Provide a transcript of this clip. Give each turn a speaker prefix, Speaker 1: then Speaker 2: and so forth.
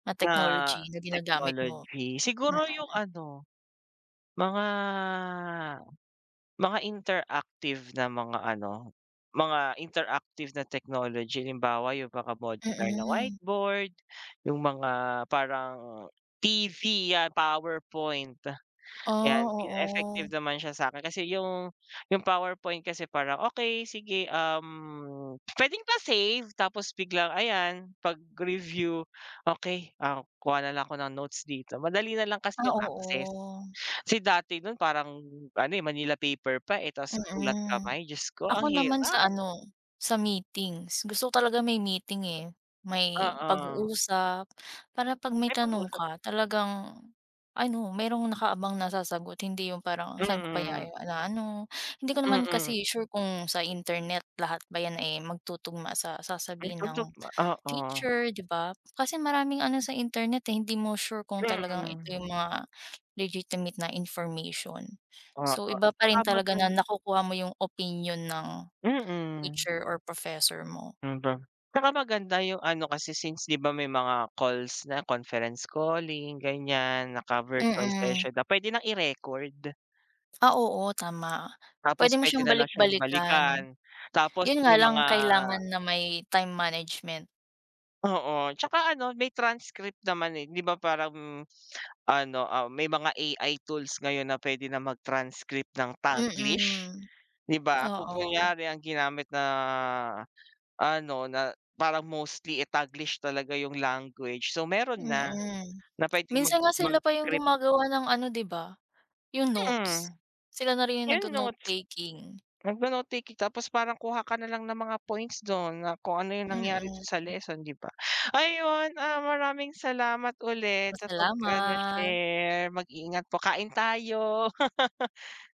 Speaker 1: Na
Speaker 2: Na
Speaker 1: technology na ginagamit mo?
Speaker 2: technology? Siguro yung
Speaker 1: Mm.
Speaker 2: ano, mga mga interactive na mga ano, mga interactive na technology. Halimbawa, yung mga modular na
Speaker 1: Mm.
Speaker 2: whiteboard, yung mga parang TV 'yan, PowerPoint,
Speaker 1: Ah,
Speaker 2: 'yan. E effective
Speaker 1: oo.
Speaker 2: naman siya sa'kin kasi yung yung PowerPoint kasi parang, "Okey, sige, um, pwedeng pa-save? Tapos biglang ayan, 'pag review, "Okey, ah, kuha na lang ako ng notes dito." Madali nalang kasi
Speaker 1: Ah,
Speaker 2: yung access.
Speaker 1: oo.
Speaker 2: Kasi dati nun parang ano, eh, Manila paper pa, eh, tapos sa sulat
Speaker 1: Mm,
Speaker 2: kamay, Diyos ko, ang
Speaker 1: ako naman,
Speaker 2: hirap!
Speaker 1: sa ano, sa meetings. Gusto ko talaga may meeting, eh, may
Speaker 2: Oo.
Speaker 1: pag-uusap para 'pag may
Speaker 2: May
Speaker 1: tanong
Speaker 2: pag-uusap.
Speaker 1: ka talagang ano, mayrong nakaabang na sasagot. Hindi yung parang, "Saan ko kaya
Speaker 2: Mm.
Speaker 1: na ano." Hindi ko naman
Speaker 2: Mm.
Speaker 1: kasi sure kung sa internet lahat ba yan, eh, magtutugma sa
Speaker 2: Ay,
Speaker 1: sasabihin
Speaker 2: putok
Speaker 1: ng
Speaker 2: ma oo.
Speaker 1: teacher, di ba? Kasi maraming ano sa internet, eh, hindi mo sure kung talagang ito
Speaker 2: Mm.
Speaker 1: yung mga legitimate na information. So,
Speaker 2: Oo,
Speaker 1: iba pa
Speaker 2: baka
Speaker 1: rin
Speaker 2: mag
Speaker 1: talaga na nakukuha mo yung opinyon ng
Speaker 2: Mm.
Speaker 1: teacher or professor mo.
Speaker 2: Ang da tsaka maganda yung ano, kasi since di ba may mga calls na, conference calling, ganyan, naka-virtual
Speaker 1: Mm.
Speaker 2: session na pwede nang i-record.
Speaker 1: Ah, oo, tama.
Speaker 2: Tapos
Speaker 1: Pwede mo
Speaker 2: pwede
Speaker 1: siyang
Speaker 2: na lang siyang balikan.
Speaker 1: balik-balikan.
Speaker 2: Tapos
Speaker 1: Yun nga
Speaker 2: may
Speaker 1: lang
Speaker 2: mga
Speaker 1: kailangan na may time management.
Speaker 2: Oo. Tsaka ano, may transcript naman, eh, di ba? Parang ano, ah, may mga AI tools ngayon na pwede na mag-transcript ng Taglish,
Speaker 1: Mm,
Speaker 2: di ba? Kung
Speaker 1: oo.
Speaker 2: kunyari, ang ginamit na ano, na parang mostly, eh, Taglish talaga yung language. So, meron na,
Speaker 1: Mm,
Speaker 2: na pwedeng mag
Speaker 1: minsan nga sila pa yung
Speaker 2: mag-decrypt.
Speaker 1: gumagawa ng ano, di ba? Yung
Speaker 2: Mm.
Speaker 1: notes. Sila na rin yung
Speaker 2: Yung
Speaker 1: nagno-note
Speaker 2: notes.
Speaker 1: taking.
Speaker 2: Magno-note taking tapos parang kuha ka na lang ng mga points dun na kung ano yung nangyari dun sa
Speaker 1: Mm.
Speaker 2: leson, di ba? Ayun, ah, maraming salamat ulit
Speaker 1: Ma
Speaker 2: sa pag-ano,
Speaker 1: salamat!
Speaker 2: share. Mag ingat po, kain tayo.